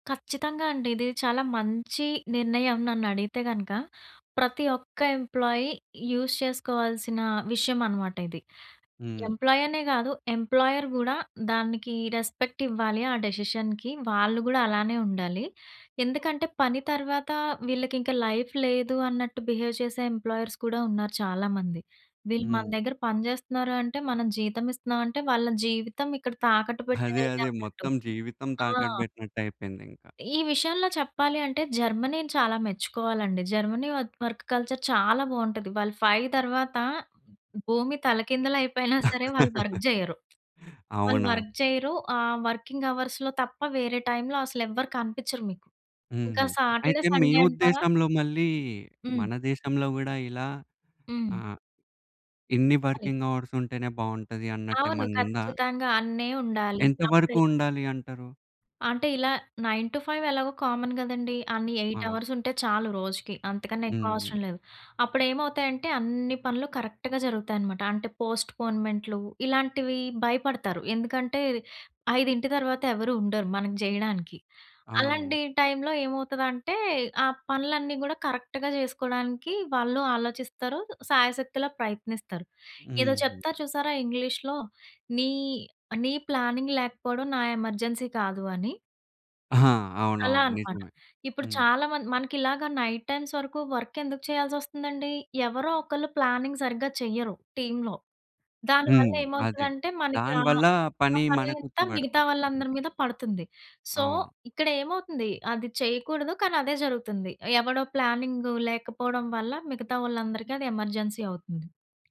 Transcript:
కచ్చితంగా అండి. ఇది చాలా మంచి, నిర్ణయం నన్ను అడిగితే గనక. ప్రతి ఒక్క ఎంప్లాయీ యూజ్ చేసుకోవాల్సిన విషయమనమాట ఇది. హ్మ్. ఎంప్లాయీ అనే గాదు. ఎంప్లాయర్ గూడా దానికి రెస్పెక్ట్ ఇవ్వాలి, ఆ డెసిషన్‌కి వాళ్ళు గూడా అలానే ఉండాలి. ఎందుకంటే పని తర్వాత వీళ్ళకింక లైఫ్ లేదు అన్నట్టు బిహేవ్ చేసే ఎంప్లాయర్స్ కూడా ఉన్నారు చాలామంది. వీళ్ళు మన హ్మ్. దగ్గర పని చేస్తున్నారు, అంటే మనం జీతమిస్తున్నాం అంటే, వాళ్ళ జీవితం ఇక్కడ తాకట్టు అదే పెట్టేది అదే. అన్నట్టు. మొత్తం జీవితం ఆ! తాకట్టు బెట్టినట్టయిపోయింది ఇంకా. ఈ విషయంలో చెప్పాలి అంటే జర్మనీని చాలా మెచ్చుకోవాలండి. జర్మనీ వత్ వర్క్ కల్చర్ చాలా బావుంటది. వాళ్ళు 5 తర్వాత భూమి తలకిందలయిపోయినా సరే, వాళ్ళు వర్క్ జెయ్యరు. వాళ్ళు అవునా? వర్క్ చెయ్యరు. ఆహ్, వర్కింగ్ అవర్స్‌లో తప్ప వేరే టైములో అసలెవ్వరు కనిపిచ్చరు మీకు. ఇంకా హుహు. సాటర్డే, అయితే మీ సండే అంటారా ఉద్దేశంలో మళ్ళీ మన హ్మ్. దేశంలో గూడా ఇలా హ్మ్. ఆహ్, ఇన్ని అది. వర్కింగ్ అవర్స్ ఉంటేనే బావుంటది అవును. అన్నట్టేమనుందా? ఖచ్చితంగా అన్నే ఉండాలి. ఎంత వరకు అప్పుడే ఉండాలి అంటారు? అంటే ఇలా 9-5 ఎలాగో కామన్ గదండీ. అన్ని 8 ఆ! అవర్స్ ఉంటే చాలు రోజుకి. అంతకన్నా ఎక్కువ హుహు. అవసరం లేదు. అప్పుడు ఏమవుతాయంటే అన్ని పనులు కరెక్ట్‌గా జరుగుతాయనమాట. అంటే పోస్ట్‌పోన్‌మెంట్‌లు ఇలాంటివి భయపడతారు. ఎందుకంటే ఐదింటి తర్వాత ఎవరు ఉండరు మనకి జేయడానికి. అవును. అలాంటి టైములో ఏమవుతదంటే, ఆ పనులన్నీ గూడా కరెక్ట్‌గా చేసుకోవడానికి, వాళ్ళు ఆలోచిస్తారు. సాయశక్తులా ప్రయత్నిస్తారు. ఏదో హుహు. చెప్తారు చూసారా? ఇంగ్లీషులో నీ, నీ ప్లానింగ్ లేకపోవడం. నా ఎమర్జెన్సీ కాదు అని. ఆహా! అలా అవునవును. అనమాట. నిజమే. ఇప్పుడు హ్మ్. చాలా మంది మనకి ఇలాగా నైట్ టైమ్స్ వరకు వర్క్ ఎందుకు చేయాల్సొస్తుందండి. ఎవరో ఒకళ్ళు ప్లానింగ్ సరిగ్గా చెయ్యరు టీములో. హ్మ్. అదే దానివల్లేమవుతదంటే మనకి ఆహ్, దానివల్ల ఆ పని పని మనకొచ్చి అంతా మిగతా బడుతది. వాళ్ళందరి [unintelligible] మీద పడుతుంది. సో, అవును. ఇక్కడ ఏమవుతుంది అది చేయకూడదు. కానీ అదే జరుగుతుంది. ఎవడో ప్లానింగ్ లేకపోవడం వల్ల, మిగతా వాళ్ళందరికి అది ఎమర్జెన్సీ అవుతుంది.